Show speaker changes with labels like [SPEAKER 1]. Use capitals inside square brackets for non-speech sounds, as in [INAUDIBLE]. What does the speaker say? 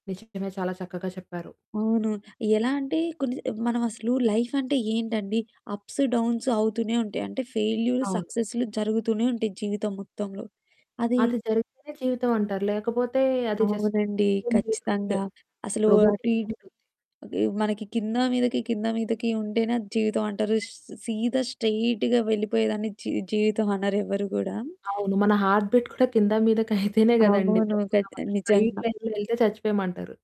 [SPEAKER 1] నిజమే, చాలా చక్కగా చెప్పారు.
[SPEAKER 2] అవును. ఎలా అంటే కొన్ని స మనమసలు లైఫంటే ఏంటండి, అప్స్, డౌన్సు అవుతూనే ఉంటాయి. అంటే ఫెయిల్యూర్
[SPEAKER 1] అవును.
[SPEAKER 2] సక్సెస్లు జరుగుతూనే ఉంటాయి జీవితం మొత్తంలో. అది
[SPEAKER 1] అది జరిగితేనే జీవితం అంటారు. లేకపోతే అది జస్ట్
[SPEAKER 2] అవునండి, ఖచ్చితంగా.
[SPEAKER 1] [UNINTELLIGIBLE]
[SPEAKER 2] అసలు అటు
[SPEAKER 1] రోబోటిక్‌గా
[SPEAKER 2] ఇటు
[SPEAKER 1] ఉంటుంది.
[SPEAKER 2] అవి మనకి కిందా మీదకి, కిందా మీదకి ఉంటేనే అది జీవితం అంటారు. స్ సీదా స్ట్రెయిట్‌గా వెళ్ళిపోయేదాన్ని జీ జీవితమనరు ఎవరు గూడా.
[SPEAKER 1] అవును, మన హార్ట్ బీట్ కూడా కింద, మీదకైతేనే [CHUCKLES] కదండీ
[SPEAKER 2] అవును. కట్ ఆ
[SPEAKER 1] బ్రతుకున్నామంటారు. స్ట్రెయిట్
[SPEAKER 2] నిజంగా.
[SPEAKER 1] లైన్‌లో వెళ్తే చచ్చిపోయామని అంటారు.